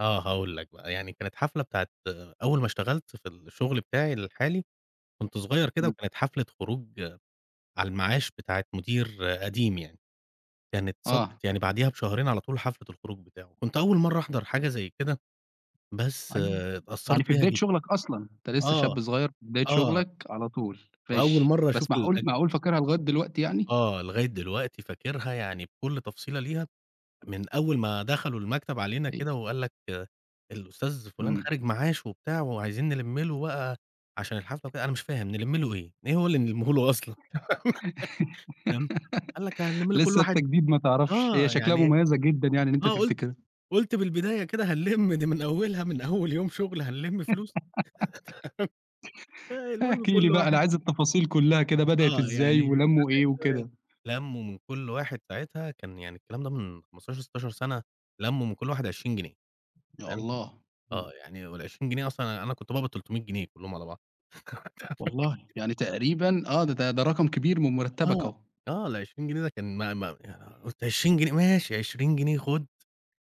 آه هاقول لك بقى، يعني كانت حفلة بتاعة أول ما اشتغَلت في الشغل بتاعي الحالي، كنت صغير كده امم. وكانت حفلة خروج على المعاش بتاعة مدير قديم يعني. كانت آه. صادفت يعني بعديها بشهرين على طول، حفلة الخروج بتاعه، كنت أول مرَّة أحضَر حاجة زي كده، بس قأي يعني اتأثَّرت في بيها بداية جدًا. شغلك أصلًا. أنت لسه آه، شاب صغير في بداية آه. شغلك على طول، وأول ماشي. مرة أشوف بس معقول الاج معقول فاكرها لغاية دلوقتي يعني؟ آه، لغاية دلوقتي فاكرها، يعني بكل تفصيلة ليها، من أول ما دخَلوا المكتب علينا أيوه. كده، وقال لك: "الأستاذ فلان امم. خارِج معاش وبتاع، وعايزين نلُمّ له بقى عشان الحفلة وكده." أنا مش فاهِم، نلمّ له إيه؟ إيه هو اللي نلمّهوله أصلًا؟ فاهم؟ قال لك: "هنلمّ له كل لسه أنتَ واحد" جديد ما تعرفش، هي آه شكلها يعني، مميزة جدًا يعني إن أنت فأنا قُلت تفتكرها. قُلت: "من البداية كده هنلمّ دي من أوَّلها، من أول يوم شغل هنلمّ فلوس؟" آآ، فالمهم احكِ لي كل بقى، أنا واحد عايز التفاصيل كلها كده، بدأت آه إزاي؟ يعني، ولمّوا إيه وكده؟ [unintelligible] لمّوا من كل واحد، ساعتها كان يعني، الكلام ده من 15، 16 سنة، لمّوا من كل واحد 20 جنيه، يا تمام؟ الله! امم. آه يعني، وال20 جنيه أصلًا، أنا أنا كنت باقبض 300 جنيه كلهم على بعض. والله؟! [unintelligible] يعني تقريبًا آه، د ده ده رقم كبير من مرتبك آه، أهو. آه، ال20 جنيه ده كان ما ما أنا قُلت 20 جنيه! ماشي 20 جنيه خد،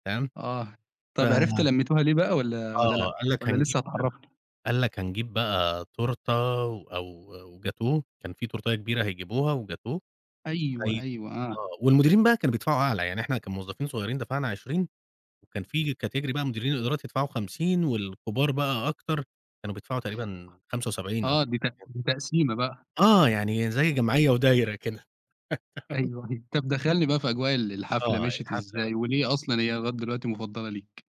تمام؟ آه، ف طَب عرفت لميتوها ليه بقى؟ والّا والّا آه، لأ؟ قال لك: والّا "هنجيب" لسه هتعرفني؟ قال لك: "هنجيب بقى تورتة و أو وجاتوه كان فيه تورتاية كبيرة هيجيبوها وجاتوه أيوه، وهي" أيوه، آه، آه. والمديرين بقى كانوا بيدفَعوا أعلى، يعني إحنا كموظَّفين صغيِّرين دفَعنا 20، وكان فيه category بقى مديرين الإدارات يدفَعوا 50 والكبار بقى أكتَر، كانوا بيدفَعوا تقريبًا 75 أو آه، حاجة دي زي تق كده. دي تقسيمة بقى. آه، يعني زي جمعية ودايرة كده. تمام. أيوه، دي طَب دخلني بقى في أجواء ال الحفلة، آه، مشيّت الحفلة بقى. إزاي؟ وليه أصلًا هي لغاية دلوقتي مفضلة ليك؟